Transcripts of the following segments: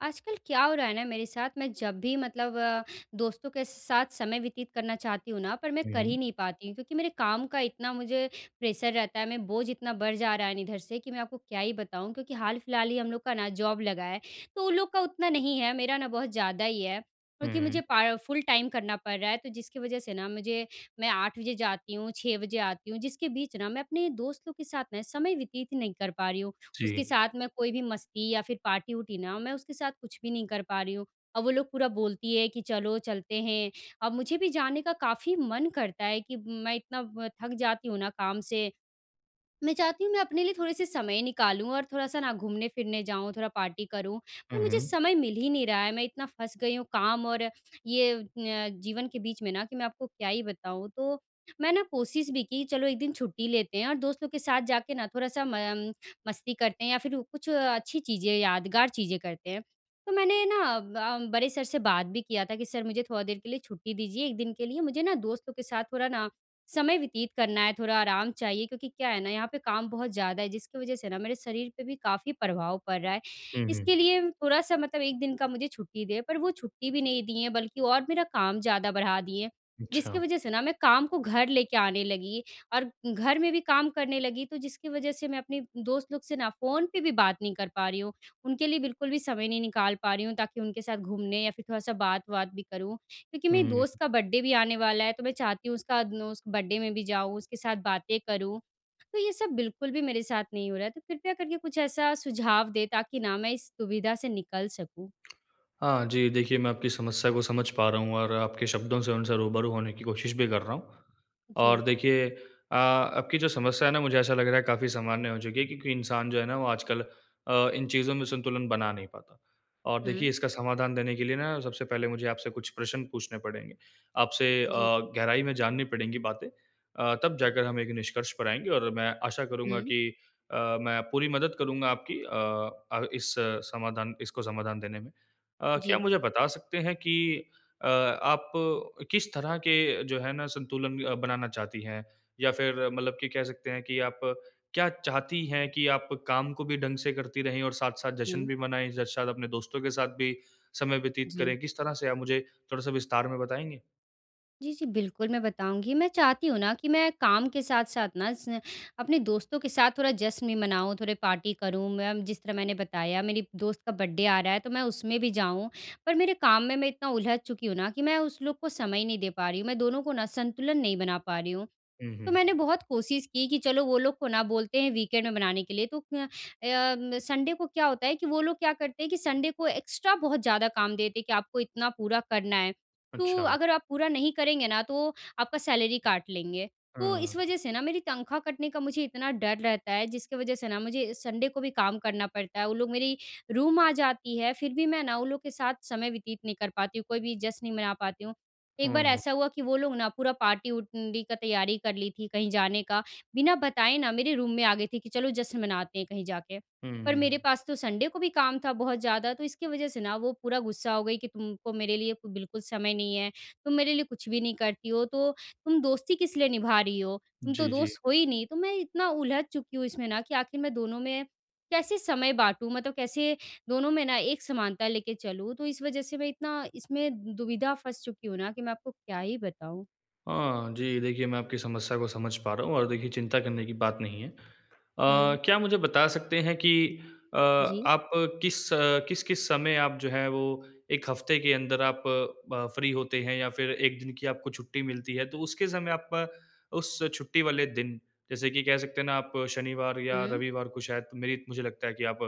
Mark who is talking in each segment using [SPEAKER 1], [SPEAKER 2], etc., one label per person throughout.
[SPEAKER 1] आजकल क्या हो रहा है ना मेरे साथ मैं जब भी मतलब अ, दोस्तों के साथ समय व्यतीत करना चाहती हूँ ना पर मैं
[SPEAKER 2] हुँ,
[SPEAKER 1] कर
[SPEAKER 2] हुँ।
[SPEAKER 1] ही नहीं पाती हूँ। क्योंकि मेरे काम का इतना मुझे प्रेशर रहता है, मैं बोझ इतना बढ़ जा रहा है ना इधर से कि मैं आपको क्या ही बताऊँ? क्योंकि हाल-फ़िलहाल ही हम लोग का ना जॉब लगा है तो उन लोग का उतना नहीं है मेरा ना बहुत ज़्यादा ही है। क्योंकि मुझे
[SPEAKER 2] हुँ।
[SPEAKER 1] पा फुल टाइम करना पड़ रहा है तो जिसकी वज़ह से ना मुझे मैं 8 बजे जाती हूँ, 6 बजे आती हूँ। जिसके बीच ना मैं अपने दोस्तों के साथ मैं समय व्यतीत ही नहीं कर पा रही हूँ। उसके
[SPEAKER 2] जी।
[SPEAKER 1] साथ मैं कोई भी मस्ती या फ़िर पार्टी-वार्टी ना, मैं उसके साथ कुछ भी नहीं कर पा रही हूँ। और वो लोग पूरा बोलती है कि चलो चलते हैं अब मुझे भी जाने का काफ़ी मन करता है कि मैं इतना व थक जाती हूँ ना काम से। मैं चाहती हूँ मैं अपने लिए थोड़े-से समय निकालूँ और थोड़ा-सा ना घूमने-फिरने जाऊँ थोड़ा पार्टी करूँ। पर
[SPEAKER 2] हुँ,
[SPEAKER 1] मुझे
[SPEAKER 2] हुँ।
[SPEAKER 1] समय मिल ही नहीं रहा है मैं इतना फँस गई हूँ काम और ये न जीवन के बीच में ना कि मैं आपको क्या ही बताऊँ? तो मैं ना कोशिश भी की चलो 1 दिन छुट्टी लेते हैं और दोस्तों के साथ जाके ना थोड़ा-सा म मस्ती करते हैं या फ़िर कुछ अच्छी चीज़ें, यादगार चीज़ें करते हैं। तो मैंने ना अ, बड़े सर से बात भी किया था कि सर मुझे थोड़ा देर के लिए छुट्टी दीजिए 1 दिन के लिए मुझे ना दोस्तों के साथ थोड़ा ना समय व्यतीत करना है, थोड़ा आराम चाहिए। क्योंकि क्या है ना यहाँ पे काम बहुत ज़्यादा है जिसकी वज़ह से ना मेरे शरीर पे भी काफ़ी प्रभाव पड़ रहा है।
[SPEAKER 2] हुँ,
[SPEAKER 1] इसके
[SPEAKER 2] हुँ।
[SPEAKER 1] लिए थोड़ा-सा मतलब 1 दिन का मुझे छुट्टी दें पर वो छुट्टी भी नहीं दिए हैं बल्कि और मेरा काम ज़्यादा बढ़ा दिए। जिसकी
[SPEAKER 2] अच्छा।
[SPEAKER 1] वज़ह से ना मैं काम को घर लेके आने लगी और घर में भी काम करने लगी तो जिसकी वज़ह से मैं अपने दोस्त लोग से ना फ़ोन पे भी बात नहीं कर पा रही हूँ। उनके लिए बिल्कुल भी समय नहीं निकाल पा रही हूँ ताकि उनके साथ घूमने या फ़िर थोड़ा-सा बात-वात भी करूँ। क्योंकि मेरे
[SPEAKER 2] हुँ।
[SPEAKER 1] दोस्त का बर्थडे भी आने वाला है तो मैं चाहती हूँ उसका न उस बर्थडे में भी जाऊँ, उसके साथ बातें करूँ। तो ये सब बिल्कुल भी मेरे साथ नहीं हो रहा है तो कृपया करके कुछ ऐसा सुझाव दें ताकि ना मैं इस दुविधा से निकल सकूँ।
[SPEAKER 2] हाँ, जी देखिए, मैं आपकी समस्या को समझ पा रहा हूँ और आपके शब्दों से उनसे रूबरू होने की कोशिश भी कर रहा हूँ। और
[SPEAKER 1] जी।
[SPEAKER 2] देखिए अ, आपकी जो समस्या है ना मुझे ऐसा लग रहा है काफ़ी सामान्य हो चुकी है क्योंकि इंसान जो है ना वो आजकल अ, इन चीज़ों में संतुलन बना नहीं पाता। और देखिए
[SPEAKER 1] हुँ।
[SPEAKER 2] इसका समाधान देने के लिए ना सबसे पहले मुझे आपसे कुछ प्रश्न पूछने पड़ेंगे? आपसे अ,
[SPEAKER 1] जी।
[SPEAKER 2] गहराई में जाननी पड़ेंगी बातें अ, तब जाकर हम एक निष्कर्ष पर आएँगे और मैं आशा करूँगा
[SPEAKER 1] हुँ।
[SPEAKER 2] कि अ, मैं पूरी मदद करूँगा आपकी अ अ, इस समाधान इसको समाधान देने में। अ, क्या
[SPEAKER 1] जी।
[SPEAKER 2] मुझे बता सकते हैं कि अ, आप किस तरह के जो है ना संतुलन बनाना चाहती हैं? या फ़िर मतलब कि कह सकते हैं कि आप क्या चाहती हैं कि आप काम को भी ढंग से करती रहे और साथ-साथ जश्न
[SPEAKER 1] हुँ।
[SPEAKER 2] भी मनाएँ। ज शायद अपने दोस्तों के साथ भी समय व्यतीत
[SPEAKER 1] जी।
[SPEAKER 2] करें किस तरह से आप मुझे थोड़ा-सा विस्तार में बताएँगे?
[SPEAKER 1] जी, जी। बिल्कुल, मैं बताऊँगी। मैं चाहती हूँ ना कि मैं काम के साथ-साथ ना, स अपने दोस्तों के साथ थोड़ा जश्न भी मनाऊँ, थोड़े पार्टी करूँ मैं। जिस तरह मैंने बताया, मेरी दोस्त का बर्थडे आ रहा है, तो मैं उसमें भी जाऊँ। पर मेरे काम में मैं इतना उलझ चुकी हूँ ना, कि मैं उस लोग को समय नहीं दे पा रही हूँ। मैं दोनों को ना, संतुलन नहीं बना पा रही हूँ।
[SPEAKER 2] हुँ,
[SPEAKER 1] तो मैंने
[SPEAKER 2] हुँ।
[SPEAKER 1] बहुत कोशिश की कि, "चलो, वो लोग को ना बोलते हैं, वीकेंड में मनाने के लिए।" तो क्य अ, म संडे को क्या होता है कि वो लोग क्या करते हैं कि संडे को एक्स्ट्रा बहुत ज़्यादा काम देते हैं कि, "आपको इतना पूरा करना है। तो
[SPEAKER 2] अच्छा।
[SPEAKER 1] अगर आप पूरा नहीं करेंगे ना, तो आपका सैलरी काट लेंगे।" तो इस
[SPEAKER 2] हाँ।
[SPEAKER 1] वज़ह से ना, मेरी तनख़्वाह कटने का मुझे इतना डर रहता है, जिसकी वज़ह से ना, मुझे संडे को भी काम करना पड़ता है। वो लोग मेरी रूम आ जाती हैं, फिर भी मैं ना, वो लोग के साथ समय व्यतीत नहीं कर पाती हूँ, कोई भी जश्न नहीं मना पाती हूँ। एक
[SPEAKER 2] हाँ,
[SPEAKER 1] बार
[SPEAKER 2] हाँ।
[SPEAKER 1] ऐसा हुआ कि वो लोग ना पूरा पार्टी -वुरटी का तैयारी कर ली थी, कहीं जाने का। बिना बताए ना, मेरे रूम में आ गई थी कि, "चलो, जश्न मनाते हैं कहीं जाके।"
[SPEAKER 2] हुँ,
[SPEAKER 1] पर मेरे
[SPEAKER 2] हुँ।
[SPEAKER 1] पास तो संडे को भी काम था बहुत ज़्यादा, तो इसकी वज़ह से ना, वो पूरा गुस्सा हो गई कि, "तुमको मेरे लिए को बिल्कुल समय नहीं है। तुम मेरे लिए कुछ भी नहीं करती हो, तो तुम दोस्ती किस लिए निभा रही हो? तुम तो
[SPEAKER 2] जी, जी।
[SPEAKER 1] दोस्त हो ही नहीं।" तो मैं इतना उलझ चुकी हूँ इसमें ना, कि आखिर मैं दोनों में कैसे समय बाँटू? मतलब कैसे दोनों में ना, एक समानता लेके चलूँ? तो इस वज़ह से मैं इतना इसमें दुविधा फ़ँस चुकी हूँ ना, कि मैं आपको क्या ही बताऊँ।
[SPEAKER 2] हाँ, जी। देखिए, मैं आपकी समस्या को समझ पा रहा हूँ और देखिए, चिंता करने की बात नहीं है। अ,
[SPEAKER 1] हुँ।
[SPEAKER 2] क्या मुझे बता सकते हैं कि अ,
[SPEAKER 1] जी।
[SPEAKER 2] आप किस किस-किस समय आप जो हैं, वो 1 हफ़्ते के अंदर आप ब फ्री होते हैं या फिर 1 दिन की आपको छुट्टी मिलती है? तो उसके समय आप उस छुट्टी वाले दिन, जैसे कि कह सकते हैं ना, आप शनिवार या
[SPEAKER 1] हुँ।
[SPEAKER 2] रविवार को शायद, मेरी मुझे लगता है कि आप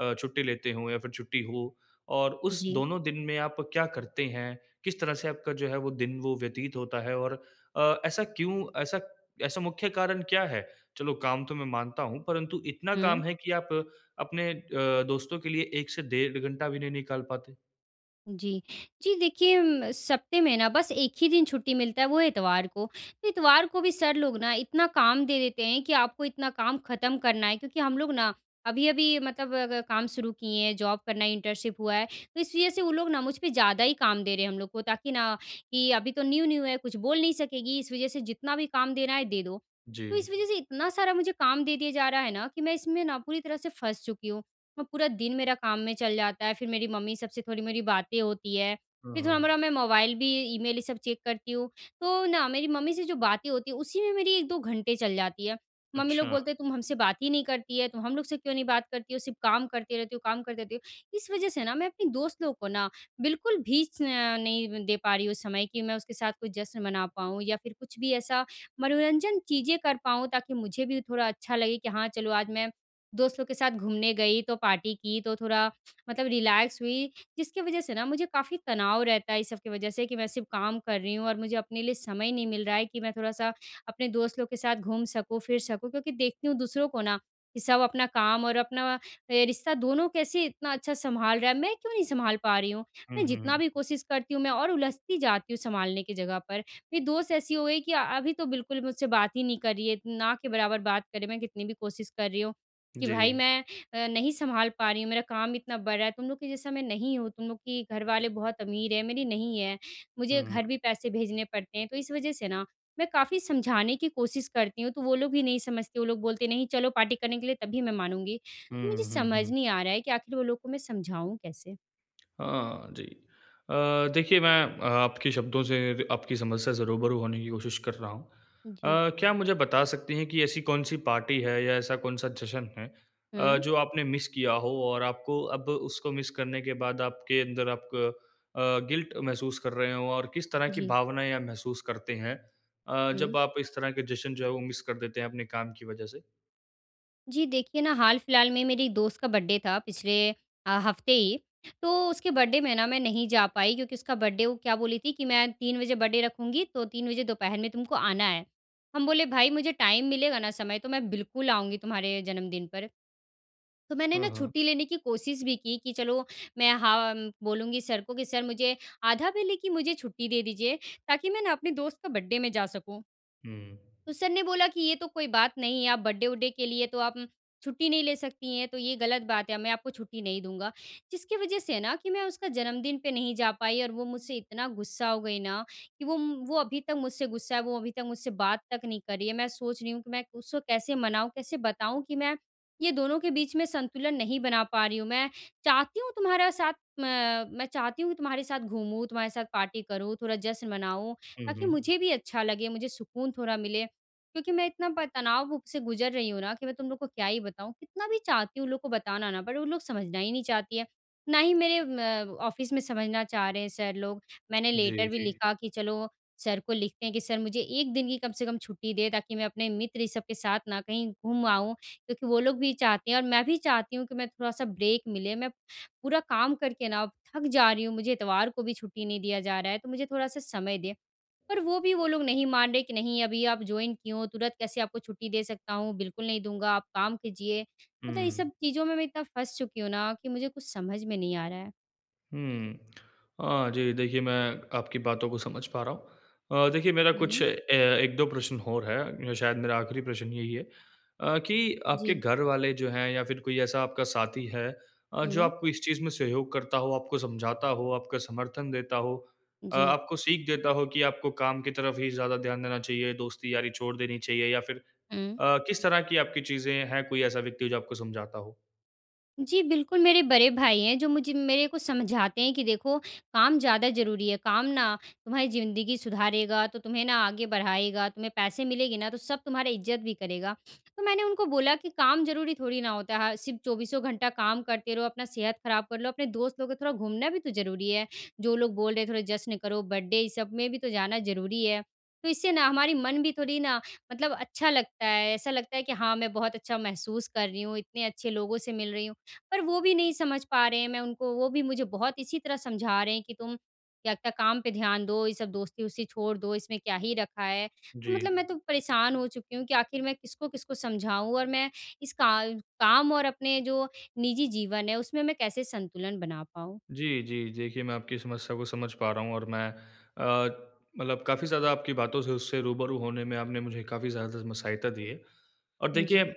[SPEAKER 2] अ, छुट्टी लेते हो या फिर छुट्टी हो और उस
[SPEAKER 1] जी।
[SPEAKER 2] दोनों दिन में आप क्या करते हैं? किस तरह से आपका जो है, वो दिन वो व्यतीत होता है और अ, ऐसा क्यों, ऐसा ऐसा मुख्य कारण क्या है? चलो, काम तो मैं मानता हूँ, परंतु इतना काम
[SPEAKER 1] हुँ।
[SPEAKER 2] है कि आप अपने अ, दोस्तों के लिए 1 से डेढ़ घंटा भी नहीं निकाल पाते?
[SPEAKER 1] जी। जी देखिए, उम, सप्ताह में ना, बस 1 ही दिन छुट्टी मिलता है, वो है इतवार को। इतवार को भी सर लोग ना, इतना काम दे देते हैं कि, आपको इतना काम खत्म करना है। क्योंकि हम लोग ना, अभी-अभी मतलब अ, ग काम शुरू किए हैं, जॉब करना, इंटर्नशिप हुआ है। तो इस वजह से वो लोग ना, मुझ पे ज़्यादा ही काम दे रहे हैं हम लोग को, ताकि ना, कि, "अभी तो न्यू-न्यू है, कुछ बोल नहीं सकेगी, इस वजह से जितना भी काम देना है, दे दो।" तो
[SPEAKER 2] जी।
[SPEAKER 1] इस वजह से इतना सारा मुझे काम दे दिया जा रहा है ना, कि मैं इसमें ना पूरी तरह से फँस चुकी हूँ और पूरा दिन मेरा काम में चल जाता है। फिर मेरी मम्मी सब से थोड़ी मेरी बातें होती हैं,
[SPEAKER 2] हुँ,
[SPEAKER 1] फिर
[SPEAKER 2] हुँ।
[SPEAKER 1] थोड़ा-मोड़ा मैं मोबाइल भी ईमेल, ये सब चेक करती हूँ। तो ना, मेरी मम्मी से जो बातें होती हैं, उसी में मेरी 1-2 घंटे चल जाती हैं। मम्मी लोग
[SPEAKER 2] अच्छा।
[SPEAKER 1] बोलते हैं, "तुम हमसे बात ही नहीं करती है। तुम हम लोग से क्यों नहीं बात करती हो? सिर्फ़ काम करती रहती हो, काम करती रहती हो।" इस वजह से ना, मैं अपने दोस्त लोग को ना, बिल्कुल भी स नहीं दे पा रही हूँ समय, कि मैं उसके साथ कोई जश्न मना पाऊँ या फिर कुछ भी ऐसा मनोरंजन चीज़ें कर पाऊँ, ताकि मुझे भी थोड़ा अच्छा लगे कि, "हाँ, चलो, आज मैं दोस्तों के साथ घूमने गई, तो पार्टी की, तो थोड़ा मतलब रिलैक्स हुई।" जिसकी वजह से ना, मुझे काफ़ी तनाव रहता है इस सब की वजह से, कि, "मैं सिर्फ़ काम कर रही हूँ और मुझे अपने लिए समय नहीं मिल रहा है कि मैं थोड़ा-सा अपने दोस्त लोग के साथ घूम सकूँ, फिर सकूँ।" क्योंकि देखती हूँ दूसरों को ना, कि, सब अपना काम और अपना ए रिश्ता, दोनों कैसे इतना अच्छा संभाल रहा है, मैं क्यों नहीं संभाल पा रही हूँ?
[SPEAKER 2] हुँ,
[SPEAKER 1] मैं जितना
[SPEAKER 2] हुँ।
[SPEAKER 1] भी कोशिश करती हूँ, मैं और उलझती जाती हूँ, संभालने की जगह पर। मेरी दोस्त ऐसी हो गई कि अभी तो बिल्कुल मुझसे बात ही नहीं कर रही है, ना के बराबर बात कर रही है। मैं कितनी भी कोशिश कर रही हूँ कि, "भाई,
[SPEAKER 2] जी।
[SPEAKER 1] मैं अ, नहीं संभाल पा रही हूँ, मेरा काम इतना बढ़ रहा है, तुम लोग के जैसा मैं नहीं हूँ। तुम लोग की घर वाले बहुत अमीर हैं, मेरी नहीं हैं। मुझे घर
[SPEAKER 2] हुँ।
[SPEAKER 1] भी पैसे भेजने पड़ते हैं।" तो इस वजह से ना, मैं काफ़ी समझाने की कोशिश करती हूँ, तो वो लोग भी नहीं समझते, वो लोग बोलते हैं, "नहीं, चलो, पार्टी करने के लिए, तभी मैं मानूँगी।" तो मुझे
[SPEAKER 2] हुँ, हुँ,
[SPEAKER 1] समझ
[SPEAKER 2] हुँ।
[SPEAKER 1] नहीं आ रहा है कि आखिर वो लोग को मैं समझाऊँ कैसे?
[SPEAKER 2] हाँ, जी। अ, देखिए, मैं आपके शब्दों से र आपकी समस्या से रूबरू होने की कोशिश कर रहा हूँ।
[SPEAKER 1] जी।
[SPEAKER 2] अ, क्या आप मुझे बता सकती हैं कि ऐसी कौन-सी पार्टी है या ऐसा कौन-सा जश्न है अ,
[SPEAKER 1] हुँ।
[SPEAKER 2] जो आपने मिस किया हो और आपको अब उसको मिस करने के बाद आपके अंदर आप क अ, गिल्ट महसूस कर रहे हों और किस तरह की
[SPEAKER 1] जी।
[SPEAKER 2] भावनाएँ आप महसूस करते हैं अ, जब
[SPEAKER 1] हुँ।
[SPEAKER 2] आप इस तरह के जश्न जो है, वो मिस कर देते हैं अपने काम की वजह से?
[SPEAKER 1] जी, देखिए ना, हाल-फिलहाल में मेरी दोस्त का बर्थडे था, पिछले अ, हफ़्ते ही। तो उसके बर्थडे में ना, मैं नहीं जा पाई, क्योंकि उसका बर्थडे वो क्या बोली थी कि, "मैं 3 बजे बर्थडे रखूँगी, तो 3 बजे दोपहर में तुमको आना है।" हम बोले, "भाई, मुझे टाइम मिलेगा ना, समय, तो मैं बिल्कुल आऊँगी तुम्हारे जन्मदिन पर।" तो मैंने ना
[SPEAKER 2] हाँ, हाँ।
[SPEAKER 1] छुट्टी लेने की कोशिश भी की, कि, "चलो, मैं हा म बोलूँगी सर को कि सर, मुझे आधा बेले की मुझे छुट्टी दे दीजिए, ताकि मैं ना अपने दोस्त का बर्थडे में जा सकूँ।"
[SPEAKER 2] हुँ।
[SPEAKER 1] तो सर ने बोला कि, "ये तो कोई बात नहीं है, आप बर्थडे वड्डे के लिए तो आप छुट्टी नहीं ले सकती हैं, तो ये गलत बात है। मैं आपको छुट्टी नहीं दूँगा।" जिसकी वजह से ना कि मैं उसका जन्मदिन पे नहीं जा पाई और वो मुझसे इतना गुस्सा हो गई ना, कि वो वो अभी तक मुझसे गुस्सा है, वो अभी तक मुझसे बात तक नहीं कर रही है। मैं सोच रही हूँ कि मैं उसको कैसे मनाऊँ, कैसे बताऊँ कि, मैं ये दोनों के बीच में संतुलन नहीं बना पा रही हूँ। मैं चाहती हूँ तुम्हारा साथ, म मैं चाहती हूँ कि तुम्हारे साथ घूमूँ, तुम्हारे साथ पार्टी करूँ, थोड़ा जश्न मनाऊँ,
[SPEAKER 2] हुँ,
[SPEAKER 1] ताकि
[SPEAKER 2] हुँ।
[SPEAKER 1] मुझे भी अच्छा लगे, मुझे सुकून थोड़ा मिले, क्योंकि मैं इतना प तनाव से गुजर रही हूँ ना, कि मैं तुम लोगों को क्या ही बताऊँ। कितना भी चाहती हूँ उन लोगों को बताना ना, बट वो लोग समझना ही नहीं चाहती हैं। ना ही मेरे म ऑफ़िस में समझना चाह रहे हैं सर लोग, मैंने
[SPEAKER 2] जी,
[SPEAKER 1] लेटर भी
[SPEAKER 2] जी।
[SPEAKER 1] लिखा कि, चलो, सर को लिखते हैं कि सर मुझे 1 दिन की कम से कम छुट्टी दें, ताकि मैं अपने मित्र, ये सब के साथ ना, कहीं घूम आऊँ, क्योंकि वो लोग भी चाहते हैं और मैं भी चाहती हूँ कि मैं थोड़ा-सा ब्रेक मिले, मैं पूरा काम करके ना, थक जा रही हूँ। मुझे इतवार को भी छुट्टी नहीं दिया जा रहा है, तो मुझे थोड़ा सा समय दें। पर वो भी वो लोग नहीं मान रहे कि, "नहीं, अभी आप जॉइन किये हो, तुरंत कैसे आपको छुट्टी दे सकता हूँ? बिल्कुल नहीं दूँगा, आप काम कीजिए।" मतलब ये
[SPEAKER 2] हुँ।
[SPEAKER 1] सब चीज़ों में मैं इतना फँस चुकी हूँ ना, कि मुझे कुछ समझ में नहीं आ रहा है।
[SPEAKER 2] हुँ। हाँ जी। देखिए, मैं आपकी बातों को समझ पा रहा हूँ। अ, देखिए मेरा कुछ
[SPEAKER 1] हुँ।
[SPEAKER 2] अे 1-2 प्रश्न हौर है। शायद मेरा आख़िरी प्रश्न यही है अ, कि आपके
[SPEAKER 1] जी।
[SPEAKER 2] घर वाले जो हैं या फ़िर कोई ऐसा आपका साथी है अ, जो
[SPEAKER 1] हुँ।
[SPEAKER 2] आपको इस चीज़ में सहयोग करता हो, आपको समझाता हो, आपका समर्थन देता हो अ,
[SPEAKER 1] जी।
[SPEAKER 2] आपको सीख देता हो कि आपको काम की तरफ़ ही ज़्यादा ध्यान देना चाहिए, दोस्ती यारी छोड़ देनी चाहिए या फ़िर
[SPEAKER 1] हुँ।
[SPEAKER 2] अ, किस तरह की आपकी चीज़ें हैं कोई ऐसा व्यक्ति जो आपको समझाता हो?
[SPEAKER 1] जी। बिल्कुल, मेरे बड़े भाई हैं जो मुझे मेरे को समझाते हैं कि देखो काम ज़्यादा ज़रूरी है। काम ना तुम्हारी ज़िंदगी सुधारेगा तो तुम्हें ना आगे बढ़ाएगा, तुम्हें पैसे मिलेंगे ना तो सब तुम्हारा इज़्ज़त भी करेगा। तो मैंने उनको बोला कि काम ज़रूरी थोड़ी ना होता है। सिर्फ़ चौबीसों घंटा काम करते रहो अपना सेहत ख़राब कर लो, अपने दोस्त लोग को थोड़ा घूमना भी तो ज़रूरी है। जो लोग बोल रहे हैं थोड़ा जश्न करो बर्थडे इस सब में भी तो जाना ज़रूरी है। तो इससे ना हमारी मन भी थोड़ी ना मतलब अच्छा लगता है, ऐसा लगता है कि हाँ, मैं बहुत अच्छा महसूस कर रही हूँ इतने अच्छे लोगों से मिल रही हूँ। पर वो भी नहीं समझ पा रहे हैं मैं उनको वो भी मुझे बहुत इसी तरह समझा रहे हैं। कि तुम क्या-क्या काम पे ध्यान दो ये सब दोस्ती वोस्ती छोड़ दो इसमें क्या ही रखा है। तो मतलब
[SPEAKER 2] जी।
[SPEAKER 1] मैं तो परेशान हो चुकी हूँ कि आख़िर मैं किसको-किसको समझाऊँ? और मैं इस का काम और अपने जो निजी जीवन है उसमें मैं कैसे संतुलन बना पाऊँ?
[SPEAKER 2] जी, जी। देखिए मैं आपकी समस्या को समझ पा रहा हूँ और मैं अ, मतलब काफ़ी ज़्यादा आपकी बातों से उससे रूबरू होने में आपने मुझे काफ़ी ज़्यादा में सहायता दी है। और देखिए अ,
[SPEAKER 1] जी।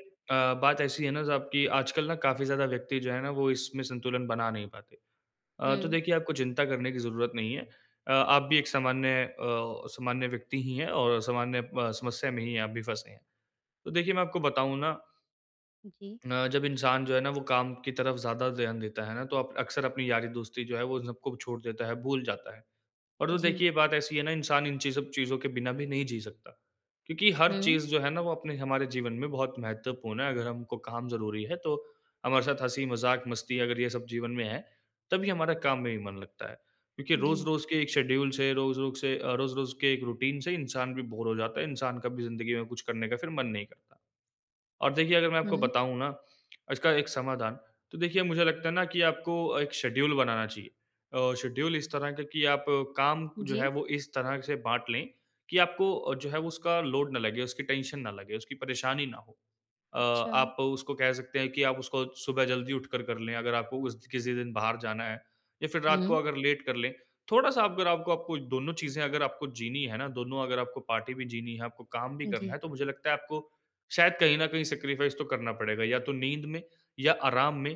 [SPEAKER 2] बात ऐसी है ना, साब की आजकल ना काफ़ी ज़्यादा व्यक्ति जो है ना वो इसमें संतुलन बना नहीं पाते। अ, तो
[SPEAKER 1] हुँ।
[SPEAKER 2] देखिए आपको चिंता करने की ज़रूरत नहीं है। अ, आप भी एक सामान्य अ, सामान्य व्यक्ति ही हैं और सामान्य अ, समस्या में ही है आप भी फँसी हैं, तो देखिए मैं आपको बताऊँ ना
[SPEAKER 1] जी।
[SPEAKER 2] अ, जब इंसान जो है ना वो काम की तरफ़ ज़्यादा ध्यान देता है ना तो अप अक्सर अपनी यारी-दोस्ती जो है वो इन सबको छोड़ देता है, भूल जाता है। और तो
[SPEAKER 1] जी।
[SPEAKER 2] देखिए बात ऐसी है ना इंसान इन चीज़ ब चीज़ों के बिना भी नहीं जी सकता। क्योंकि हर
[SPEAKER 1] हुँ।
[SPEAKER 2] चीज़ जो है ना वो अपने हमारे जीवन में बहुत महत्वपूर्ण है अगर हमको काम ज़रूरी है तो हमारे साथ हँसी-मज़ाक मस्ती अगर ये सब जीवन में है, तभी हमारा काम में भी मन लगता है। क्योंकि
[SPEAKER 1] जी।
[SPEAKER 2] रोज़-रोज़ के एक शेड्यूल से, रोज़-रोज़ से अ, रोज़-रोज़ के 1 रूटीन से इंसान भी बोर हो जाता है इंसान कभी ज़िंदगी में कुछ करने का मन नहीं करता। और देखिए अगर मैं आपको
[SPEAKER 1] हुँ।
[SPEAKER 2] बताऊँ ना? इसका 1 समाधान तो देखिए मुझे लगता है ना कि आपको एक शेड्यूल बनाना चाहिए। अ, शेड्यूल इस तरह का की आप काम जो है
[SPEAKER 1] जी।
[SPEAKER 2] वो इस तरह से बाँट ले कि आपको अ, जो है उसका लोड ना लगे, उसकी टेंशन ना लगे, उसकी परेशानी ना हो। अ,
[SPEAKER 1] अच्छा।
[SPEAKER 2] आप उसको कह सकते हैं कि आप उसको सुबह जल्दी उठकर कर ले अगर आपको उस किसी दिन बाहर जाना है या फ़िर रात को
[SPEAKER 1] हुँ।
[SPEAKER 2] अगर लेट कर ले थोड़ा-सा अगर आपको आपको दोनों चीज़े अगर आपको जीनी है ना, दोनों अगर आपको पार्टी भी जीनी है, आपको काम भी करना
[SPEAKER 1] जी।
[SPEAKER 2] है तो मुझे लगता है आपको शायद कहीं न कहीं सैक्रिफाइस तो करना पड़ेगा या तो नींद में या आराम में,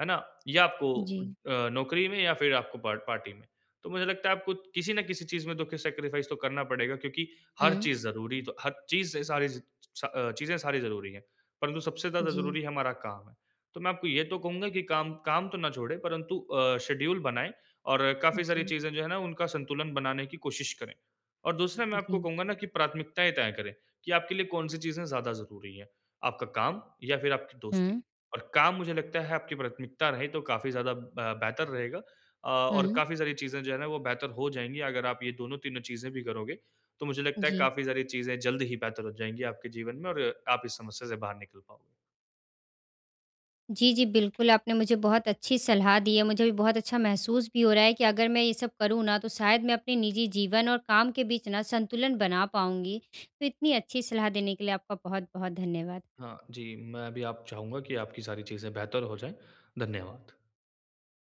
[SPEAKER 2] है ना? या आपको
[SPEAKER 1] जी।
[SPEAKER 2] अ, नौकरी में या फ़िर आपको पार्ट पार्टी में। तो मुझे लगता है आपको किसी न किसी चीज़ में तो सैक्रिफाइस तो करना पड़ेगा क्योंकि हर
[SPEAKER 1] हुँ।
[SPEAKER 2] चीज़ ज़रूरी तो हर चीज़ से सारी अ, चीज़ें सारी ज़रूरी है। परंतु सबसे ज़्यादा
[SPEAKER 1] जी।
[SPEAKER 2] ज़रूरी है हमारा काम है। तो मैं आपको ये तो कहूँगा की काम काम तो ना छोड़े, परंतु अ, शेड्यूल बनाए और काफ़ी सारी
[SPEAKER 1] जी।
[SPEAKER 2] चीज़ें जो है ना उनका संतुलन बनाने की कोशिश करें। और दूसरा मैं आपको
[SPEAKER 1] जी।
[SPEAKER 2] कहूँगा ना की प्राथमिकताएँ तय करें कि आपके लिए कौन-सी चीज़ें ज़्यादा ज़रूरी है। आपका काम या फ़िर आपकी दोस्ती।
[SPEAKER 1] हुँ।
[SPEAKER 2] और काम मुझे लगता है आपकी प्राथमिकता रहे तो काफ़ी ज़्यादा अ, बेहतर रहेगा। अ, और
[SPEAKER 1] हुँ।
[SPEAKER 2] काफ़ी सारी चीज़ें जो है ना वो बेहतर हो जाएँगी, अगर आप ये दोनों तीनों चीज़ें भी करोगे, तो मुझे लगता है
[SPEAKER 1] जी।
[SPEAKER 2] काफ़ी सारी चीज़ें जल्द ही बेहतर हो जाएँगी आपके जीवन में और आप इस समस्या से बाहर निकल पाओगे।
[SPEAKER 1] जी, जी। बिल्कुल, आपने मुझे बहुत अच्छी सलाह दी है। मुझे भी बहुत अच्छा महसूस भी हो रहा है कि अगर मैं ये सब करूँ ना तो शायद मैं अपने निज़ी जीवन और काम के बीच ना संतुलन बना पाऊँगी। तो इतनी अच्छी सलाह देने के लिए आपका बहुत-बहुत धन्यवाद।
[SPEAKER 2] हाँ जी। मैं भी आप चाहूँगा कि आपकी सारी चीज़ें बेहतर हो जाए। धन्यवाद।